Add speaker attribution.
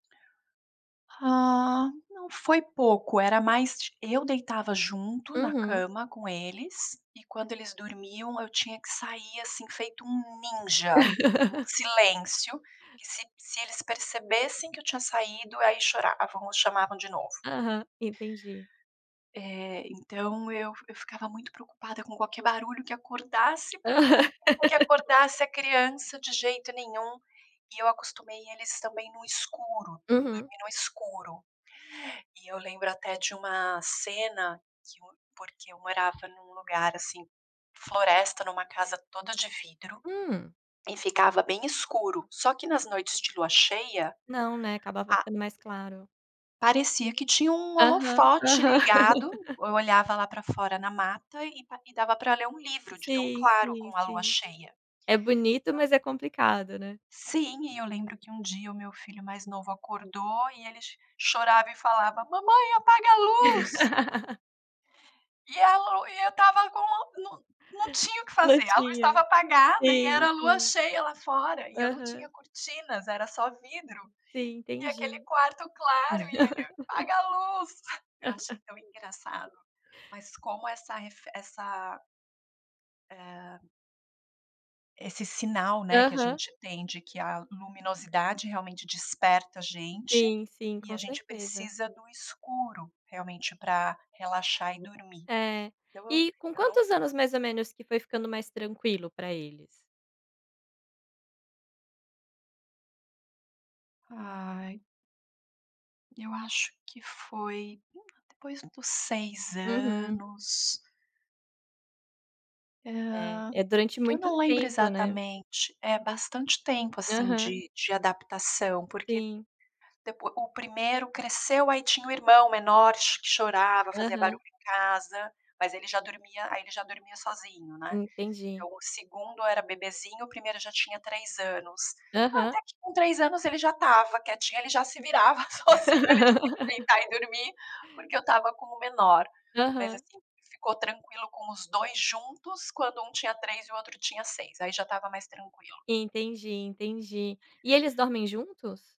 Speaker 1: Ah, não, foi pouco, era mais ti eu deitava junto na
Speaker 2: Uhum.
Speaker 1: cama com eles, e quando eles dormiam, eu tinha que sair, assim, feito um ninja. Um silêncio, que se se eles percebessem que eu tinha saído, aí choravam, chamavam de novo.
Speaker 2: Aham, entendi.
Speaker 1: Eh, então eu eu ficava muito preocupada com qualquer barulho que acordasse, porque eu
Speaker 2: Aham.
Speaker 1: que acordasse a criança de jeito nenhum, e eu acostumei eles também no escuro,
Speaker 2: Uhum.
Speaker 1: dormir no escuro. E eu lembro até de uma cena que um porque eu morava num lugar, assim, floresta, numa casa toda de vidro,
Speaker 2: Hum.
Speaker 1: e ficava bem escuro, só que nas noites de lua cheia,
Speaker 2: Não, né, acabava
Speaker 1: a
Speaker 2: ficando mais claro.
Speaker 1: parecia que tinha um
Speaker 2: Aham,
Speaker 1: holofote
Speaker 2: aham.
Speaker 1: ligado, eu olhava lá pra fora na mata e pa e dava pra ler um livro, de tão
Speaker 2: Sim,
Speaker 1: claro
Speaker 2: sim,
Speaker 1: com a lua
Speaker 2: sim.
Speaker 1: cheia.
Speaker 2: É bonito,
Speaker 1: Então
Speaker 2: mas é complicado, né.
Speaker 1: Sim, e eu lembro que um dia o meu filho mais novo acordou, e ele cho chorava e falava: "Mamãe, apaga a luz". E a lu e eu estava com não não tinha o que
Speaker 2: Não
Speaker 1: fazer, a luz
Speaker 2: tinha.
Speaker 1: estava apagada, e
Speaker 2: Sim,
Speaker 1: era lua
Speaker 2: sim.
Speaker 1: cheia lá fora, e eu não tinha
Speaker 2: Aham.
Speaker 1: cortinas, era só vidro,
Speaker 2: Sim,
Speaker 1: e aquele
Speaker 2: entendi.
Speaker 1: quarto claro, e ele: "Apaga a luz". Eu achei tão engraçado. Mas como essa refe essa eh esse sinal, né, que a
Speaker 2: Aham.
Speaker 1: gente tem de que a luminosidade, realmente, desperta a gente,
Speaker 2: Sim, sim,
Speaker 1: e
Speaker 2: com
Speaker 1: a gente
Speaker 2: certeza.
Speaker 1: precisa do escuro, realmente, pra relaxar e dormir.
Speaker 2: É.
Speaker 1: Então eu
Speaker 2: E com
Speaker 1: eu não
Speaker 2: quantos anos, mais ou menos, que foi ficando mais tranquilo pra eles?
Speaker 1: Ai. Eu acho que foi [unintelligible] depois dos 6
Speaker 2: Uhum.
Speaker 1: anos.
Speaker 2: É.
Speaker 1: Hã.
Speaker 2: É durante
Speaker 1: Eu
Speaker 2: muito
Speaker 1: não lembro
Speaker 2: tempo, né.
Speaker 1: exatamente. É bastante tempo, assim,
Speaker 2: Aham.
Speaker 1: de de adaptação, porque
Speaker 2: Sim.
Speaker 1: depo o 1º cresceu, aí tinha o irmão menor ch chorava, fazia
Speaker 2: Aham.
Speaker 1: barulho em casa, mas ele já dormia aí ele já dormia sozinho, né.
Speaker 2: Entendi.
Speaker 1: Então, o 2º era bebezinho, o 1º já tinha 3 anos. Ah,
Speaker 2: Aham.
Speaker 1: até que com 3 anos, ele já estava quietinho, ele já se virava sozinho, ele tinha que deitar e dormir, porque eu estava com o menor. Mas
Speaker 2: Aham.
Speaker 1: assim, ficou tranquilo com os 2 juntos, quando um tinha 3 e o outro tinha 6, aí já estava mais tranquilo.
Speaker 2: Entendi, entendi. E eles dormem juntos?